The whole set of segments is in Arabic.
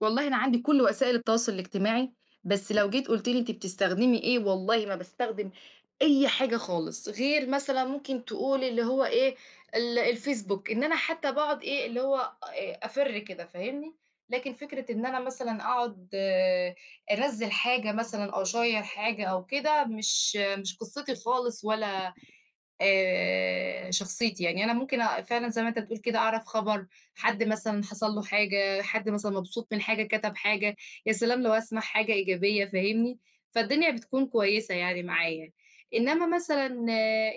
والله أنا عندي كل وسائل التواصل الاجتماعي، بس لو جيت قُلت لي أنتِ بتستخدمي إيه؟ والله ما باستخدم أي حاجة خالص، غير مثلًا ممكن تقول اللي هو إيه ال الفيسبوك، إن أنا حتى باقعد إيه اللي هو أ أفِر كده فاهمني؟ لكن فكرة إن أنا مثلًا أقعد أنزّل حاجة مثلًا أو أشيّر حاجة أو كده مش مش قِصتي خالص، ولا آآ شخصيتي، يعني أنا ممكن أ فعلًا زي ما أنت بتقول كده أعرف خبر، حد مثلًا حصل له حاجة، حد مثلًا مبسوط من حاجة، كتب حاجة، يا سلام لو هاسمع حاجة إيجابية فاهمني؟ فالدنيا بتكون كويسة يعني معايا، إنما مثلًا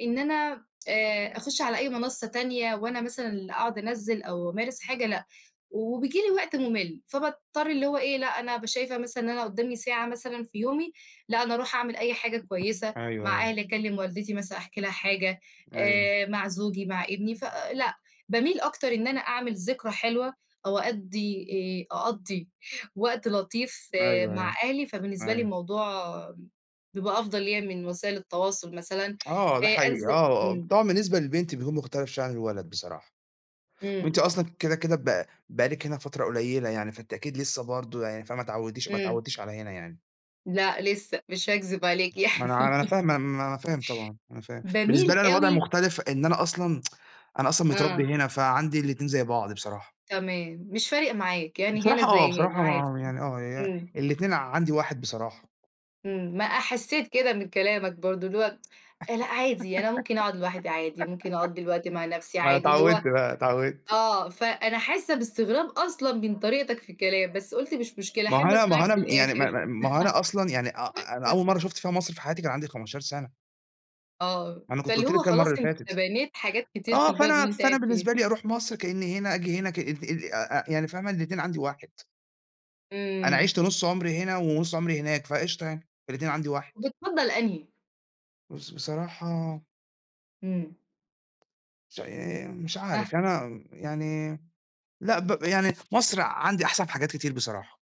إن أنا أ أخش على أي منصة تانية، وأنا مثلًا اللي أقعد أنزِّل، أو أمارس حاجة، لأ، وبييجي لي وقت مُمِل، فباضطر اللي هو إيه، لأ، أنا بابقى شايفة مثلًا إن أنا قدامي ساعة مثلًا في يومي، لأ، أنا أروح أعمل أي حاجة كويسة، أيوه، مع أيوه. أهلي، أكلّم والدتي، مثلًا أحكي لها حاجة أيوه. آآ مع زوجي، مع ابني، فـلأ، باميل أكتر إن أنا أعمل ذكرى حلوة، أو أأدّي آآ أقضّي وقت لطيف آآ أيوه، مع أيوه، أهلي، فبالنسبة لي أيوه. الموضوع بيبقى أفضل ليّا من وسائل التواصل مثلًا آه، آآ ده حقيقي. أنزل آه، آه، إمم. طبعًا، بالنسبة للبنت بيكون مختلف شوية عن الولد بصراحة. إمم. وأنتِ أصلًا كدا كدا ب بقى لِك هنا فترة قليلة يعني، فأنتِ أكيد لسه برضه، يعني فما اتعوديش ما إمم. اتعودتيش على هنا يعني. لأ، لسه، مش هاكذب عليك ما أنا ع يعني. ما أنا فاهم ما أنا فاهم طبعًا، أنا فاهم، بالنسبة باميل لي أنا الوضع أوي مختلف، إن أنا أصلًا أنا أصلًا متربّي آه. هنا فعندي الاتنين زي بعض بصراحة. تمام، مش فارق معاك، يعني هنا بصراحة آه، زي هنا، بصراحة عادي، م يعني آه يع إمم. الاتنين عندي واحد بصراحة. إمم. ما أحسّيت كده من كلامك برضه، اللي هو آآ لأ، عادي، أنا ممكن أقعد لوحدي عادي، ممكن أقضّي الوقت مع نفسي ما أنا عادي اللي هو اتعودت بقى، اتعودت. آه، فـأنا حاسّة باستغراب أصلًا من طريقتك في الكلام، بس قُلت مش مشكلة ما هو أحب أنا ما أسمعك هو أنا امم يعني ما للآخر. ما ما هو أنا أصلًا، يعني أ أ أنا أول مرة شُفت فيها مصر في حياتي، كان عندي 15 سنة. آه، أنا كنت فاللي قُلت لِك هو كده المرّة خلاص، اللي أنت فاتت. بنيت حاجات كتير في آه، البلد فأنا اللي أنت فأنا قاعد فيها. بالنسبة لي، أروح مصر، كأنّي هنا، آجي هنا، كأنّي أ أ أ يعني فاهمة الإتنين عندي واحد. أنا إمم. عِشت نُص عمري هنا، ونُص عمري هناك، فقشطة يعني الإتنين عندي واحد. وبتفضّل أنهي؟ بس بصراحة إمم. مش عا آآ مش آه. عارف، يعني أنا يعني لأ، ب يعني في مصر عندي أحسن في حاجات كتير بصراحة.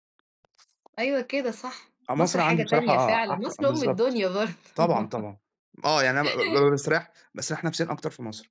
أيوة، كده صح. آه، مصر مصر حاجة عندي بصراحة تانية آه فعلًا، أحس مصر أم بالضبط. الدُنيا طبعًا، برضه. طبعًا. آه، يعني أنا ب ب بابقى مستريّح باستريّح نفسيًا أكتر في مصر.